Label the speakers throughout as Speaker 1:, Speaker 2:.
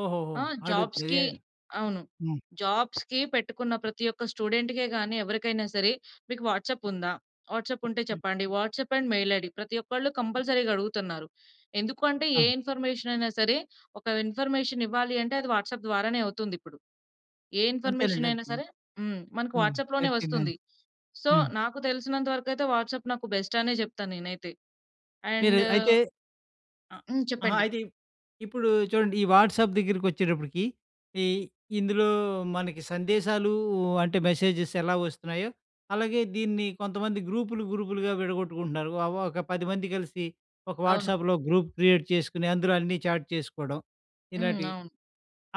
Speaker 1: ఓహోహో!
Speaker 2: ఆ!
Speaker 1: అడుగుతే,
Speaker 2: జాబ్స్‌కి
Speaker 1: హ్మ్.
Speaker 2: అవును. జాబ్స్‌కి పెట్టుకున్న ప్రతి ఒక్క స్టూడెంట్‌కే గాని ఎవరికైనా సరే, "మీకు వాట్సాప్ ఉందా? వాట్సాప్ ఉంటే
Speaker 1: హ్మ్.
Speaker 2: చెప్పండి. WhatsApp and mail ID." ప్రతి ఒక్కళ్ళు కంపల్సరీగా అడుగుతున్నారు. ఎందుకు అంటే ఏ
Speaker 1: ఆ!
Speaker 2: ఇన్ఫర్మేషన్ అయినా సరే, ఒక ఇన్ఫర్మేషన్ ఇవ్వాలి అంటే అది వాట్సాప్ ద్వారానే అవుతుందిప్పుడు. ఏ
Speaker 1: అంతేనండి,
Speaker 2: ఇన్ఫర్మేషన్ అయినా
Speaker 1: అంతే.
Speaker 2: సరే హ్మ్, మనకు
Speaker 1: హ్మ్.
Speaker 2: వాట్సాప్‌లోనే వస్తుంది.
Speaker 1: ప్రతిదానికి
Speaker 2: సో
Speaker 1: హ్మ్.
Speaker 2: నాకు తెలిసినంత వరకయితే వాట్సాప్ నాకు బెస్ట్ అనే చెప్తాను నేనైతే.
Speaker 1: మీరు
Speaker 2: అండ్
Speaker 1: అయితే అ
Speaker 2: హ్మ్.
Speaker 1: ఆహా!
Speaker 2: చెప్పండి
Speaker 1: అయితే ఇప్పుడు చూడండి ఈ వాట్సాప్ దగ్గరికొచ్చేటప్పటికి ఈ ఇందులో మనకి సందేశాలూ అంటే మెసేజెస్ ఎలా వస్తున్నాయో, అలాగే దీన్ని కొంతమంది గ్రూపులు గ్రూపులుగా విడగొట్టుకుంటున్నారు. ఒ ఒక 10 కలిసి ఒక
Speaker 2: అవును.
Speaker 1: వాట్సాప్‌లో గ్రూప్ క్రియేట్ చేసుకొని అందులో అన్నీ చాట్ చేసుకోవడం
Speaker 2: హ్మ్.
Speaker 1: ఇలాంటివి.
Speaker 2: అవును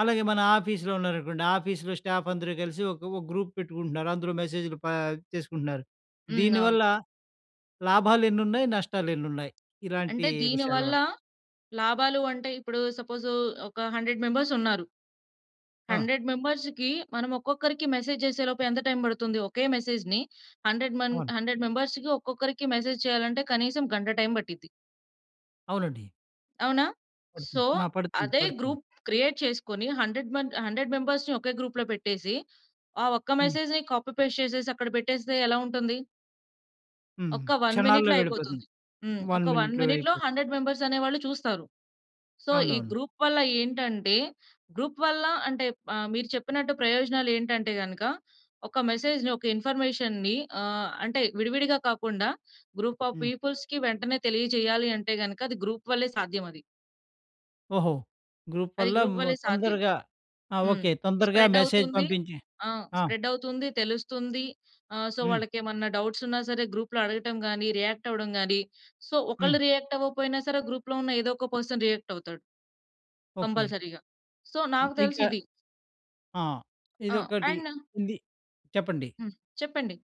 Speaker 1: అలాగే మన ఆఫీస్‌లో ఉన్నారనుకోండి, ఆఫీస్‌లో స్టాఫ్ అందరూ కలిసి ఒక ఒక గ్రూప్ పెట్టుకుంటున్నారు. అందులో మెసేజ్‌లు పా చేసుకుంటున్నారు.
Speaker 2: హ్మ్. అవును
Speaker 1: దీనివల్ల లాభాలెన్నున్నాయి? నష్టాలెన్నున్నాయి? ఇలాంటీ
Speaker 2: అంటే
Speaker 1: విషయాల
Speaker 2: దీనివల్ల
Speaker 1: వల్ల?
Speaker 2: లాభాలు అంటే ఇప్పుడు సపోజు ఒక 100 మెంబర్స్ ఉన్నారు.
Speaker 1: ఆ!
Speaker 2: 100 మెంబర్స్‌కీ మనం ఒక్కొక్కరికి మెసేజ్ చేసే లోపు ఎంత టైమ్ పడుతుంది? ఒకే మెసేజ్‌ని 100 మంది,
Speaker 1: అవును.
Speaker 2: 100 మెంబర్స్‌కి ఒక్కొక్కరికి మెసేజ్ చేయాలంటే కనీసం గంట టైమ్ పట్టిద్ది.
Speaker 1: అవునండి.
Speaker 2: అవునా? సో
Speaker 1: పడుతుంది. ఆ! పడుతుంది,
Speaker 2: అదే
Speaker 1: పడుతుంది.
Speaker 2: గ్రూప్ క్రియేట్ చేసుకొని 100 మంద్ 100 మెంబర్స్‌ని ఒకే గ్రూప్‌లో పెట్టేసి, ఆ ఒక్క
Speaker 1: హ్మ్.
Speaker 2: మెసేజ్‌ని కాపీ పేస్ట్ చేసేసి అక్కడ పెట్టేస్తే ఎలావుంటుంది?
Speaker 1: హ్మ్.
Speaker 2: ఒక 1
Speaker 1: క్షణాల్లో
Speaker 2: మినిట్‌లో అయిపోతుంది.
Speaker 1: వెళ్ళిపోతుంది.
Speaker 2: హ్మ్.
Speaker 1: 1
Speaker 2: ఒక 1
Speaker 1: మినిట్‌లో
Speaker 2: మినిట్‌లో
Speaker 1: అయిపోతుంది
Speaker 2: 100 మెంబర్స్ అనేవాళ్ళు చూస్తారు. సో ఈ
Speaker 1: అవునవును.
Speaker 2: గ్రూప్‌ వల్ల ఏంటంటే గ్రూప్ వల్ల అంటే ఆహ్, మీరు చెప్పినట్టు ప్రయోజనాలేంటంటే గనుక, ఒక మెసేజ్‌ని, ఒక ఇన్ఫర్మేషన్‌ని ఆహ్, అంటే విడివిడిగా కాకుండా గ్రూప్ ఆఫ్
Speaker 1: హ్మ్.
Speaker 2: పీపుల్స్‌కి వెంటనే తెలియజేయాలి అంటే గనుక అది గ్రూప్ వల్లే సాధ్యమది.
Speaker 1: ఓహో! గ్రూప్
Speaker 2: అది
Speaker 1: వల్ల
Speaker 2: గ్రూప్
Speaker 1: హ్మ్,
Speaker 2: వల్లే సాధ్యం.
Speaker 1: తొందరగా ఆ!
Speaker 2: హ్మ్.
Speaker 1: ఓకె. తొందరగా
Speaker 2: స్ప్రెడ్
Speaker 1: మెసేజ్
Speaker 2: అవుతుంది.
Speaker 1: పంపించి
Speaker 2: ఆ!
Speaker 1: ఆ!
Speaker 2: స్ప్రెడ్ అవుతుంది, తెలుస్తుంది. ఆ! సో
Speaker 1: హ్మ్.
Speaker 2: వాళ్ళకేమన్నా డౌట్స్ ఉన్న సరే గ్రూప్‌లో అడగటం గాని, రియాక్ట్ అవ్వడం గాని, సో ఒకళ్ళు
Speaker 1: హ్మ్.
Speaker 2: రియాక్ట్ అవ్వకపోయినా సరే గ్రూప్‌లో ఉన్న ఏదో ఒక పర్సన్ రియాక్ట్ అవుతాడు.
Speaker 1: ఓకె.
Speaker 2: కంపల్సరీగా. సో నాకు తెలిసి
Speaker 1: ఇంకా
Speaker 2: ఇది.
Speaker 1: ఆ!
Speaker 2: ఆ!
Speaker 1: ఇదొకటి
Speaker 2: అండ్
Speaker 1: ఉంది. చెప్పండి.
Speaker 2: హ్మ్. చెప్పండి.